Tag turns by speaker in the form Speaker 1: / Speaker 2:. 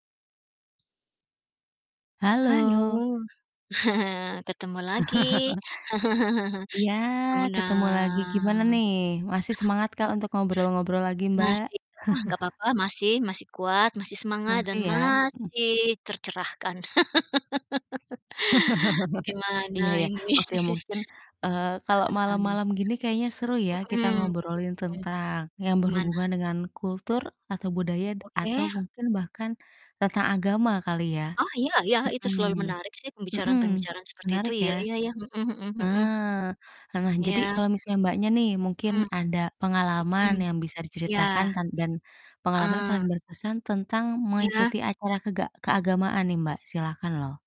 Speaker 1: Halo
Speaker 2: Halo.
Speaker 1: ketemu lagi.
Speaker 2: Iya,
Speaker 1: Kemuna
Speaker 2: ketemu lagi, gimana nih? Masih semangatkah untuk ngobrol-ngobrol lagi, Mbak?
Speaker 1: Masih wah nggak apa-apa, masih masih kuat masih semangat
Speaker 2: Masih
Speaker 1: dan
Speaker 2: ya? Mhm.
Speaker 1: masih tercerahkan.
Speaker 2: Iya
Speaker 1: Gimana
Speaker 2: ya,
Speaker 1: ini?
Speaker 2: oke mungkin, eee,
Speaker 1: Mhm.
Speaker 2: kalau
Speaker 1: [unintelligible]
Speaker 2: malam-malam gini kayaknya seru ya,
Speaker 1: Mhm
Speaker 2: kita
Speaker 1: mhm
Speaker 2: ngobrolin tentang yang
Speaker 1: Gimana?
Speaker 2: berhubungan dengan kultur atau budaya d atau
Speaker 1: Oke.
Speaker 2: mungkin bahkan tentang agama kali ya?
Speaker 1: Mhm. Oh iya iya, itu selalu
Speaker 2: Mhm,
Speaker 1: menarik sih
Speaker 2: mhm,
Speaker 1: pembicaraan-pembicaraan seperti itu
Speaker 2: menarik
Speaker 1: iya
Speaker 2: ya?
Speaker 1: iya iya. Mhm mhm mhm mhm.
Speaker 2: Ah ah, nah
Speaker 1: Iya.
Speaker 2: jadi kalau misalnya, Mbaknya nih, mungkin
Speaker 1: Mhm.
Speaker 2: ada pengalaman
Speaker 1: Mhm.
Speaker 2: yang bisa diceritakan
Speaker 1: Iya.
Speaker 2: tan dan pengalaman
Speaker 1: Heeh.
Speaker 2: paling berkesan tentang
Speaker 1: Iya.
Speaker 2: mengikuti acara kega keagamaan nih, Mbak, silahkan loh!